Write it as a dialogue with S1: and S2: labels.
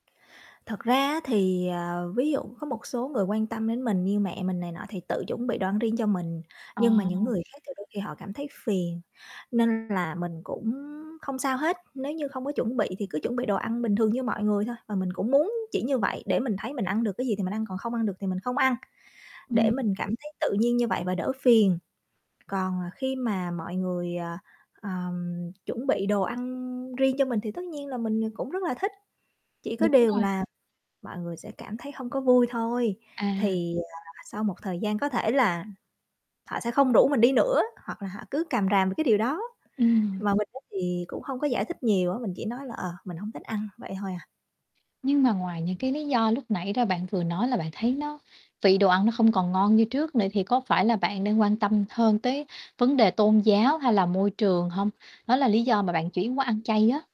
S1: Thật ra á thì, ờ, ví dụ có một số người quan tâm đến mình như mẹ mình này nọ thì tự chuẩn bị đồ ăn riêng cho mình, nhưng mà những
S2: À.
S1: người khác thì đôi khi họ cảm thấy phiền, nên là mình cũng không sao hết. Nếu như không có chuẩn bị thì cứ chuẩn bị đồ ăn bình thường như mọi người thôi và mình cũng muốn chỉ như vậy để mình thấy mình ăn được cái gì thì mình ăn, còn không ăn được thì mình không ăn, để
S2: Ừm.
S1: mình cảm thấy tự nhiên như vậy và đỡ phiền. Còn, à, khi mà mọi người, ờ, ờm, chuẩn bị đồ ăn riêng cho mình thì tất nhiên là mình, ờ, cũng rất là thích, chỉ có
S2: Đúng
S1: điều
S2: rồi.
S1: là mọi người sẽ cảm thấy hông có vui thôi.
S2: À.
S1: Thì, à, sau một thời gian có thể là họ sẽ không rủ mình đi nữa, hoặc là họ cứ càm ràm về cái điều đó,
S2: Ừm.
S1: mà mình á, thì cũng hông có giải thích nhiều á, mình chỉ nói là, ờ, "mình hông thích ăn", vậy thôi à.
S2: Nhưng mà ngoài những cái lý do lúc nãy ra bạn vừa nói là bạn thấy nó vị đồ ăn nó không còn ngon như trước nữa thì có phải là bạn đang quan tâm hơn tới vấn đề tôn giáo, hay là môi trường hông? Đó là lý do mà bạn chuyển qua ăn chay á.